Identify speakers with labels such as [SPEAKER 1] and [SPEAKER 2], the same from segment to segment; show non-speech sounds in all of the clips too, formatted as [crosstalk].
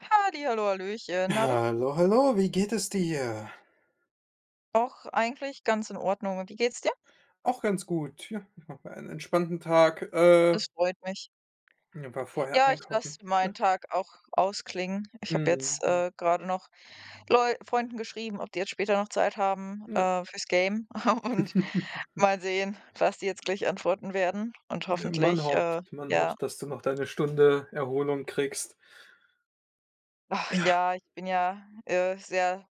[SPEAKER 1] Halli hallo, hallöchen, na du?
[SPEAKER 2] Hallo, hallo, wie geht es dir?
[SPEAKER 1] Doch, eigentlich ganz in Ordnung. Und wie geht's dir?
[SPEAKER 2] Auch ganz gut, ja, ich mache mir einen entspannten Tag, äh
[SPEAKER 1] Das freut mich.
[SPEAKER 2] ja war vorher
[SPEAKER 1] Ja, ich lasse
[SPEAKER 2] einkaufen.
[SPEAKER 1] meinen
[SPEAKER 2] Ja.
[SPEAKER 1] Tag auch ausklingen. Ich habe jetzt,
[SPEAKER 2] Mhm, hm.
[SPEAKER 1] äh, gerade noch Leu Freunden geschrieben, ob die jetzt später noch Zeit haben,
[SPEAKER 2] Ne?
[SPEAKER 1] äh, fürs Gamen [chuckles] und
[SPEAKER 2] [chuckles]
[SPEAKER 1] mal sehen, was die jetzt gleich antworten werden und
[SPEAKER 2] Ähm, man
[SPEAKER 1] hoffentlich
[SPEAKER 2] hofft,
[SPEAKER 1] äh,
[SPEAKER 2] man
[SPEAKER 1] ja.
[SPEAKER 2] hofft, dass du noch deine Stunde Erholung kriegst.
[SPEAKER 1] Ach
[SPEAKER 2] Ja.
[SPEAKER 1] ja, ich bin ja, äh, sehr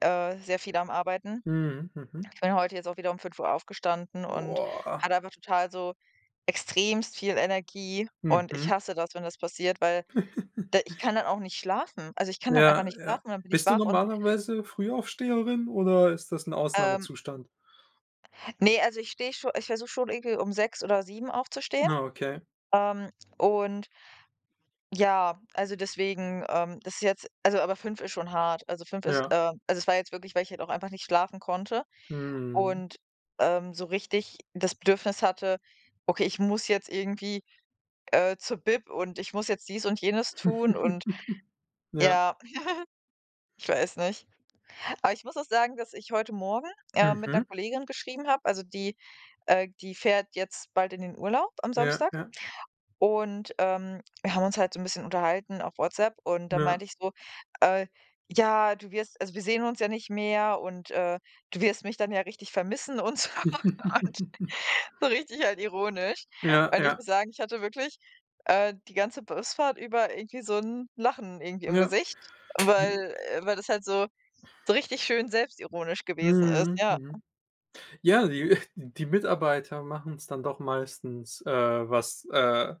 [SPEAKER 1] äh, sehr viel am Arbeiten.
[SPEAKER 2] Mhm. Mhm.
[SPEAKER 1] Ich bin heute jetzt auch wieder um 05:00 aufgestanden und
[SPEAKER 2] Boah.
[SPEAKER 1] hatte einfach total so extremst viel Energie und ich
[SPEAKER 2] Mhm.
[SPEAKER 1] hasse das, wenn das passiert, weil d ich
[SPEAKER 2] [chuckles]
[SPEAKER 1] kann dann auch nicht schlafen. Also, ich kann dann einfach
[SPEAKER 2] Ja,
[SPEAKER 1] nicht
[SPEAKER 2] ja.
[SPEAKER 1] schlafen und dann bin ich
[SPEAKER 2] Bist du
[SPEAKER 1] wach und
[SPEAKER 2] normalerweise Frühaufsteherin oder ist das 'n
[SPEAKER 1] Ähm.
[SPEAKER 2] Ausnahmezustand?
[SPEAKER 1] Ne, also ich stehe, schon ich versuche schon irgendwie um 6 oder 7 aufzustehen,
[SPEAKER 2] Ah, okay.
[SPEAKER 1] ähm, und ja, also, deswegen, ähm das ist jetzt also, aber 5 ist schon hart. Also 5 ist,
[SPEAKER 2] Ja.
[SPEAKER 1] ähm also, es war jetzt wirklich, weil ich halt auch einfach nicht schlafen konnte
[SPEAKER 2] Mhm.
[SPEAKER 1] und, ähm, so richtig das Bedürfnis hatte: „Okay, ich muss jetzt irgendwie, äh, zur Bib und ich muss jetzt dies und jenes tun und
[SPEAKER 2] [chuckles] Ja.
[SPEAKER 1] ja“, [chuckles] ich weiß nicht. Aber ich muss auch sagen, dass ich heute Morgen, ähm, mit 'ner
[SPEAKER 2] Mhm.
[SPEAKER 1] Kollegin geschrieben habe, also die, äh die fährt jetzt bald in den Urlaub am
[SPEAKER 2] Ja,
[SPEAKER 1] Samstag.
[SPEAKER 2] ja.
[SPEAKER 1] Und, ähm, wir haben uns halt so 'n bisschen unterhalten auf WhatsApp und da
[SPEAKER 2] Ja.
[SPEAKER 1] meinte ich so, äh: „Ja, du wirst also, wir sehen uns ja nicht mehr und, äh, du wirst mich dann ja richtig vermissen und so und“,
[SPEAKER 2] [chuckles]
[SPEAKER 1] so richtig halt ironisch.
[SPEAKER 2] Ja,
[SPEAKER 1] Und ich
[SPEAKER 2] ja.
[SPEAKER 1] muss sagen, ich hatte wirklich, äh, die ganze Busfahrt über irgendwie so 'n Lachen irgendwie im
[SPEAKER 2] Ja.
[SPEAKER 1] Gesicht,
[SPEAKER 2] [unintelligible]
[SPEAKER 1] weil, äh, weil das halt so, so richtig schön selbstironisch gewesen ist,
[SPEAKER 2] Mhm,
[SPEAKER 1] ja.
[SPEAKER 2] mhm. Ja, die, äh die Mitarbeiter machen's dann doch meistens, äh was, äh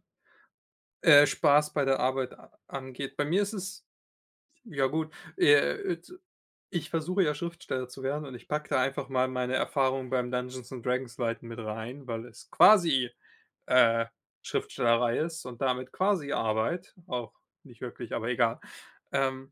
[SPEAKER 2] äh, Spaß bei der Arbeit a angeht. Bei mir ist es ja gut, äh, [unintelligible] ich versuche ja Schriftsteller zu werden und ich packe da einfach mal meine Erfahrungen beim Dungeons und Dragons leiten mit rein, weil es quasi, äh, Schriftstellerei ist und damit quasi Arbeit, auch nicht wirklich, aber egal. Ähm